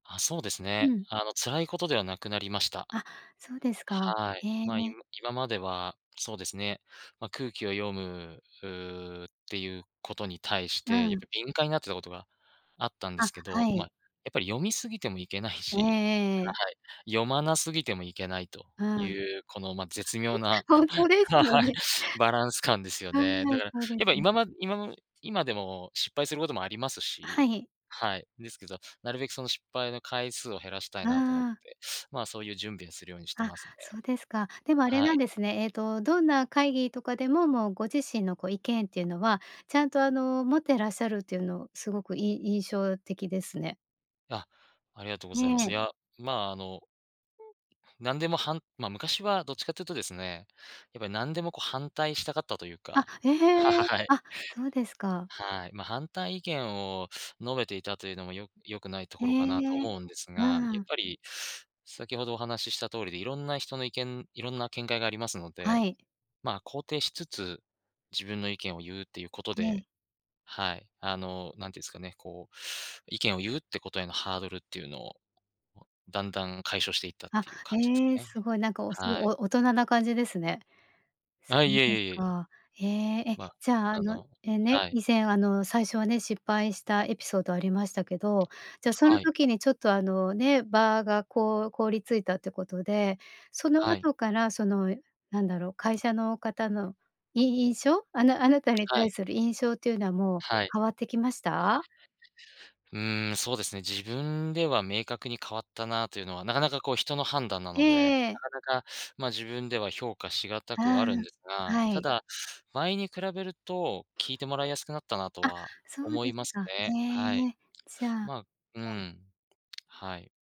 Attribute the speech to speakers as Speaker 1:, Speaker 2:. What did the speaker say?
Speaker 1: あ、そうです
Speaker 2: う
Speaker 1: ね。
Speaker 2: ん。
Speaker 1: あの、辛いことではなくなりました。
Speaker 2: あ、そうですか。
Speaker 1: はい。
Speaker 2: へ
Speaker 1: まあ、い
Speaker 2: え。
Speaker 1: む今までは、そうですね、ま、空気を読むうう、っていうことに対し
Speaker 2: う
Speaker 1: て、やっ
Speaker 2: ん。
Speaker 1: ぱ敏感になってたことがあったんです
Speaker 2: あ、
Speaker 1: けど。
Speaker 2: はい。
Speaker 1: ま、やっぱり読み過ぎてもいけない
Speaker 2: ええ
Speaker 1: し
Speaker 2: ええええ。
Speaker 1: ははい。読まなすぎてもいけないと、
Speaker 2: う
Speaker 1: い
Speaker 2: ん。
Speaker 1: うこの、ま、絶妙な
Speaker 2: ほんとです
Speaker 1: は
Speaker 2: よ
Speaker 1: はい。
Speaker 2: ね。
Speaker 1: バランス感ですよ
Speaker 2: はい、い
Speaker 1: ね。
Speaker 2: や、
Speaker 1: だから、
Speaker 2: そうで
Speaker 1: や
Speaker 2: す
Speaker 1: っぱ
Speaker 2: ね。
Speaker 1: 今ま今の今でも失敗することもあります
Speaker 2: あ、は
Speaker 1: し。
Speaker 2: い。
Speaker 1: はい、ですけど、なるべくその失敗の回数を、減らしたい
Speaker 2: あ
Speaker 1: なと思っ
Speaker 2: あ。
Speaker 1: て、まあ、そういう準備をするようにして
Speaker 2: あ、
Speaker 1: ますね。
Speaker 2: そうですか。でもあれ
Speaker 1: は
Speaker 2: なん
Speaker 1: い。
Speaker 2: ですね。ええと、どんな会議とかでも、もうご自身のこう意見っていうのは、ちゃんとあの持ってらっしゃるというのを、すごくい印象的ですね。
Speaker 1: あ、ありがとうご
Speaker 2: え
Speaker 1: ざいま
Speaker 2: え。
Speaker 1: す。いや、まあ、あの、うん。なんでもはん、まあ、昔はどっちかというとですね、やっぱり何でもこう、反対したかったという
Speaker 2: あ、
Speaker 1: か
Speaker 2: ええ。
Speaker 1: はい。
Speaker 2: あ、そうですか。
Speaker 1: はい。ま、反対意見を述べていたというのも、よ良くないと
Speaker 2: へ
Speaker 1: ころかなと
Speaker 2: え。
Speaker 1: 思うんですが。
Speaker 2: う
Speaker 1: やっ
Speaker 2: ん。
Speaker 1: ぱり、先ほどお話しした通りで、いろんな人の意見、いろんな見解がありますので、
Speaker 2: はい。
Speaker 1: まあ、肯定しつつ、自分の意見を言うっていうこと
Speaker 2: ええ。
Speaker 1: で、はい、あの、なんて言うすかね。こう、意見を言うってことへのハードルっていうのをを、だんだん解消していったっ
Speaker 2: あ、
Speaker 1: ていう感じです
Speaker 2: ええ、
Speaker 1: ね。
Speaker 2: すごい。なんか、おす
Speaker 1: はい。
Speaker 2: お大人な感じですね。そ
Speaker 1: あ、い
Speaker 2: う
Speaker 1: えい
Speaker 2: です
Speaker 1: えいえいえ。
Speaker 2: か。へえ、え、
Speaker 1: まあ、
Speaker 2: じゃああ
Speaker 1: あ
Speaker 2: の、
Speaker 1: の、
Speaker 2: え、ね、
Speaker 1: はい。
Speaker 2: 以前あの最初はね、失敗したエピソード、ありましたけど。じゃそ
Speaker 1: は
Speaker 2: の
Speaker 1: い。
Speaker 2: 時に、ちょっとあのね、場がこう凍りついたってことで、その
Speaker 1: はい。
Speaker 2: 後からその、なんだろう、会社の方の、い印象？あなあなたに
Speaker 1: は
Speaker 2: 対
Speaker 1: い。
Speaker 2: する印象っていうのは、もう
Speaker 1: はい。
Speaker 2: 変わってきました？
Speaker 1: うん、そうですね。自分では、明確に変わったなというのは、なかなかこう、人の判断な
Speaker 2: ええ
Speaker 1: の
Speaker 2: え
Speaker 1: で、
Speaker 2: ええ
Speaker 1: な
Speaker 2: え。
Speaker 1: かなか、まあ、自分では評価しがたくは
Speaker 2: あ
Speaker 1: あるんです
Speaker 2: あ、
Speaker 1: が。
Speaker 2: は
Speaker 1: た
Speaker 2: い。
Speaker 1: だ、前に比べると、聞いてもらいやすくなったな、と
Speaker 2: あ、
Speaker 1: は
Speaker 2: そう
Speaker 1: 思
Speaker 2: で
Speaker 1: い
Speaker 2: す
Speaker 1: ます
Speaker 2: か。
Speaker 1: ね。
Speaker 2: え
Speaker 1: はい。
Speaker 2: え。じゃあく
Speaker 1: まあ、う
Speaker 2: おん。
Speaker 1: ん、はい。